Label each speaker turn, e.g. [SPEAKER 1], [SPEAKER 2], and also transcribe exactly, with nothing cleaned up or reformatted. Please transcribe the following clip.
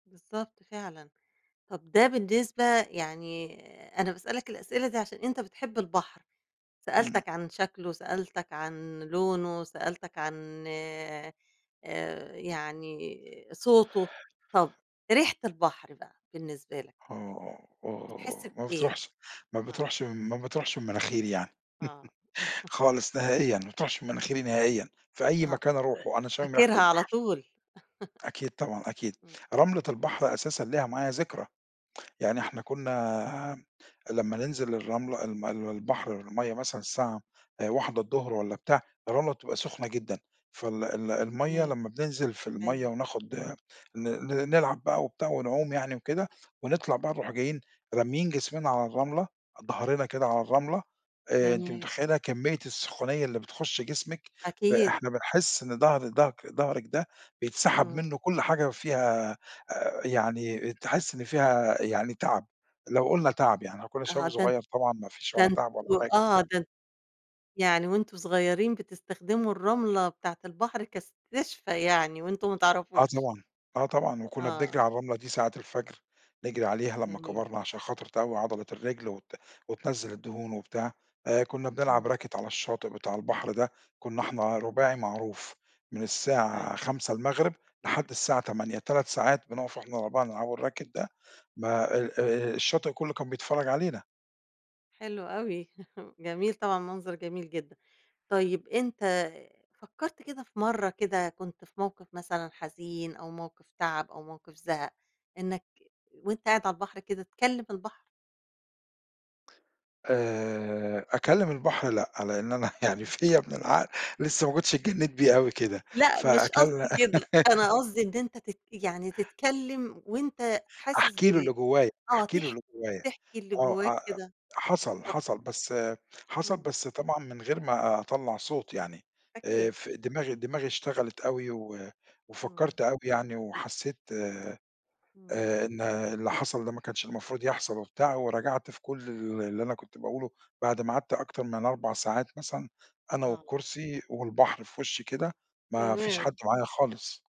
[SPEAKER 1] بالضبط فعلًا. طَب ده بالنسبة يعني، أنا باسألك الأسئلة دي عشان أنت بتحب البحر،
[SPEAKER 2] إمم.
[SPEAKER 1] سألتك عن شكْله، سألتك عن لونه، سألتك عن آآ، يعني آآ صوته، طَب ريحة البحر بقى بالنسبة لك؟
[SPEAKER 2] آه، آه،
[SPEAKER 1] بتحس
[SPEAKER 2] آه، ما
[SPEAKER 1] بإيه؟
[SPEAKER 2] بتروحش، ما
[SPEAKER 1] آه.
[SPEAKER 2] بتروحش، ما بتروحش من مناخيري يعني.
[SPEAKER 1] آه.
[SPEAKER 2] خالص نهائيًا، ما بتروحش من مناخيري نهائيًا، في أي
[SPEAKER 1] آه،
[SPEAKER 2] مكان أروحه أنا شامم ريحة
[SPEAKER 1] فاكرها على
[SPEAKER 2] البحر.
[SPEAKER 1] طول.
[SPEAKER 2] أكيد طبعًا، أكيد.
[SPEAKER 1] إمم.
[SPEAKER 2] رملة البحر أساسًا ليها معايا ذكرى، يعني إحنا كنا لمّا ننزِل الرملة الم المي البحر المَيّة مثلًا الساعة واحدة الضُّهر والّا بتاع الرملة تبقى سُخنة جدًا فال ال المَيّة
[SPEAKER 1] تمام،
[SPEAKER 2] لمّا بننزل في المّيّة
[SPEAKER 1] أيوه.
[SPEAKER 2] وناخد ن ن نلعب بقى وبتاع ونعُوم يعني وكده ونطلَع بقى نروح جايين راميين جسمنا على الرملة، ضَهرنا كده على الرملة آآ، أنتِ
[SPEAKER 1] جميل.
[SPEAKER 2] متخيّلة كمية السخونية اللي بتخُش جسمِك ب
[SPEAKER 1] أكيد.
[SPEAKER 2] إحنا بنحس إن ضهر ضهك ضهرك ده بيتسحَب مِنُّه
[SPEAKER 1] إمم.
[SPEAKER 2] كلّ حاجة فيها آآ، يعني تحس إن فيها يعني تعَب، لو قلُنا تعَب يعني إحنا كنا
[SPEAKER 1] آه،
[SPEAKER 2] شباب
[SPEAKER 1] ده أن
[SPEAKER 2] صغيّر طبعًا ما فيش
[SPEAKER 1] ده
[SPEAKER 2] ولا تعَب ولا
[SPEAKER 1] أنتم
[SPEAKER 2] حاجة.
[SPEAKER 1] آه ده أنت يعني وأنتم صغيّرين بتستخدموا الرملة بتاعة البحر كإستشفاء يعني وأنتم ما
[SPEAKER 2] آه
[SPEAKER 1] تعرَفوش.
[SPEAKER 2] طبعًا، آه طبعًا، وكنا بنجرِي
[SPEAKER 1] آه.
[SPEAKER 2] على الرملة دي ساعة الفجر، نجرِي عليها، لما
[SPEAKER 1] جميل.
[SPEAKER 2] كَبَرنا عشان خاطر تقوّي عضلة الرِّجل وت وتنزّل الدهون وبتاع آآ، كنا
[SPEAKER 1] إمم.
[SPEAKER 2] بنلعب racket على الشاطئ بتاع البحر ده، كنا إحنا رُباعي معروف، من الساعة
[SPEAKER 1] أيوه.
[SPEAKER 2] خمسة المغرِب لحد الساعة تمانية تلات ساعات بنُقف إحنا الاربعة نلعب الracket ده، ما آآ، الشاطئ كلّه كان بيتفرّج علينا.
[SPEAKER 1] حلو أوي، جميل طبعًا منظر جميل جدًا. طيب أنت فكّرت كده في مرّة كده كنت في موقِف مثلًا حزين أو موقف تعَب أو موقِف زهَق إنك وأنت قاعد على البحر كده تكلّم البحر؟
[SPEAKER 2] آآ أكلّم البحر لأ، لأن أنا يعني فيَّ من العقل لسه ما كنتش اتجنّيت بيه اوي كدة،
[SPEAKER 1] لأ مش
[SPEAKER 2] فأكلّ
[SPEAKER 1] قصدي كده، أنا قصدي إن أنت تت يعني تتكلّم وأنت حاسس
[SPEAKER 2] أحكي له
[SPEAKER 1] بال
[SPEAKER 2] اللي جوايّا،
[SPEAKER 1] آه
[SPEAKER 2] أحكي له
[SPEAKER 1] تحكي،
[SPEAKER 2] اللي جوايّا،
[SPEAKER 1] تحكي اللي
[SPEAKER 2] آه،
[SPEAKER 1] جوّاك
[SPEAKER 2] آآ
[SPEAKER 1] كده،
[SPEAKER 2] حصَل،
[SPEAKER 1] بالضبط.
[SPEAKER 2] حصَل، بس حصَل
[SPEAKER 1] إمم.
[SPEAKER 2] بس طبعًا من غير ما أطلّع صوت يعني، آآ
[SPEAKER 1] أكيد.
[SPEAKER 2] في دماغي دماغي اشتغلِت أوي و
[SPEAKER 1] إمم.
[SPEAKER 2] وفكّرت أوي يعني وحسّيت آآ
[SPEAKER 1] إمم.
[SPEAKER 2] إن اللي حصَل ده ما كانش المفروض يحصَل وبتاع ورجعَت في كلّ ال اللي أنا كنت باقوله بعد ما
[SPEAKER 1] [unintelligible]
[SPEAKER 2] قعَدت أكتر من أربع ساعات مثلًا أنا
[SPEAKER 1] آه.
[SPEAKER 2] والكرسي والبحر في وِشّي كده ما فيش حد
[SPEAKER 1] تمام.
[SPEAKER 2] معايا خالص.